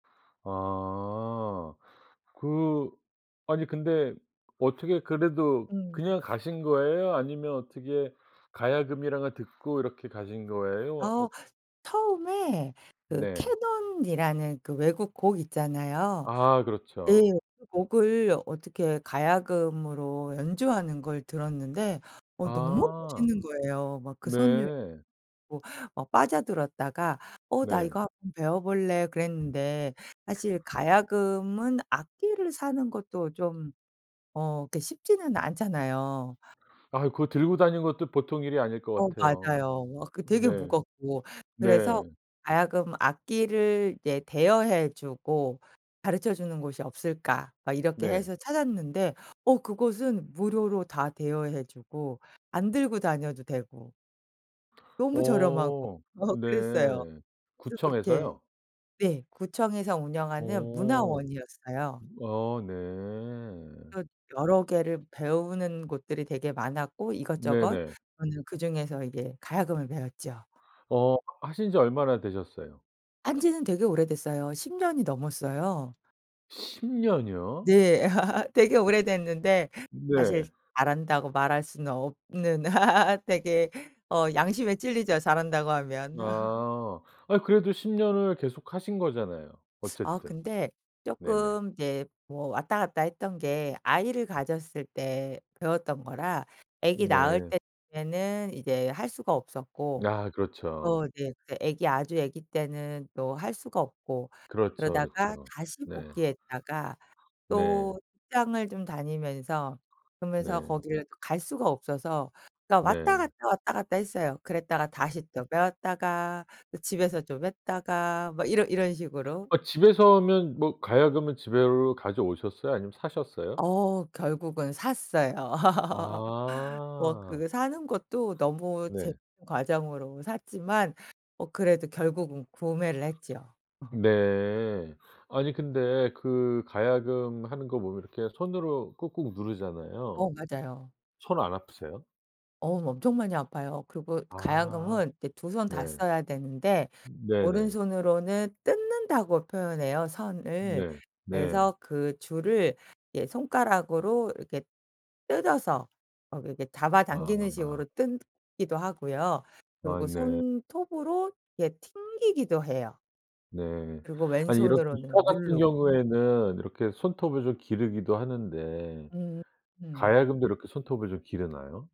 아. 그 아니 근데 어떻게 그래도 그냥 음. 가신 거예요? 아니면 어떻게 가야금이라는 걸 듣고 이렇게 가신 거예요? 어 어 처음에 그 네. 캐넌이라는 그 외국곡 있잖아요. 아 네. 그렇죠. 그 곡을 어떻게 가야금으로 연주하는 걸 들었는데 어 너무 아. 멋있는 거예요. 막 그 선율에 네. 뭐 어 빠져들었다가 '어 나 이거 네. 한번 배워 볼래.' 그랬는데 사실 가야금은 악기를 사는 것도 좀 어 그렇게 쉽지는 않잖아요. 아유 그거 들고 다니는 것도 보통 일이 아닐 것 어 같아요. 맞아요. 어 그 되게 네. 무겁고. 그래서 네. '가야금 악기를 이제 대여해 주고 가르쳐 주는 곳이 없을까?' 막 이렇게 네. 해서 찾았는데 어 그곳은 무료로 다 대여해 주고 안 들고 다녀도 되고 너무 저렴하고 어 어 네. 그랬어요. 그래서 그렇게 구청에서요? 네. 구청에서 운영하는 오. 문화원이었어요. 아 또 네. 여러 개를 배우는 곳들이 되게 많았고 이것저것 네네. 저는 그중에서 이제 가야금을 배웠죠. 어 하신 지 얼마나 되셨어요? 한지는 되게 오래됐어요. 10 년이 넘었어요. 10 년이요? 네. 되게 오래됐는데 사실 네. 잘한다고 말할 수는 없는. 되게 어 양심에 찔리죠, 잘한다고 하면. 아. 아 그래도 10 년을 계속 하신 거잖아요, 아 어쨌든. 근데 네네. 쪼끔 이제 뭐 왔다 갔다 했던 게 아이를 가졌을 때 배웠던 거라 아기 낳을 네. 때에는 이제 할 수가 없었고, 아 그렇죠. 또 이제 그 아기 아주 아기 때는 또 할 수가 없고 그렇죠, 그러다가 그렇죠. 다시 네. 복귀했다가 네. 또 직장을 좀 다니면서 그러면서 네. 거기를 갈 수가 없어서 그니까 왔다 네. 갔다, 왔다 갔다 했어요. 그랬다가 다시 또 배웠다가 또 집에서 좀 했다가 뭐 이런 이런 식으로. 아 집에서면 뭐 가야금은 집으로 가져오셨어요? 아니면 사셨어요? 어 결국은 샀어요. 뭐 아. 그 사는 것도 너무 네. 재밌는 과정으로 샀지만 뭐 그래도 결국은 구매를 했죠. 어. 네. 아니 근데 그 가야금 하는 거 보면 이렇게 손으로 꾹꾹 어 누르잖아요. 맞아요. 손 안 아프세요? 어 엄청 많이 아파요. 그리고 아. 가야금은 이제 두 손 다 네. 써야 되는데 네네. 오른손으로는 뜯는다고 표현해요, 선을. 네. 네. 그래서 그 줄을 이제 손가락으로 이렇게 뜯어서 어 이렇게 잡아당기는 아. 식으로 뜯기도 하고요. 아 그리고 네. 손톱으로 이렇게 튕기기도 해요. 네. 그리고 아 이런 기타 왼손으로는 같은 누르고. 경우에는 이렇게 손톱을 좀 기르기도 하는데. 음. 가야금도 이렇게 손톱을 좀 기르나요?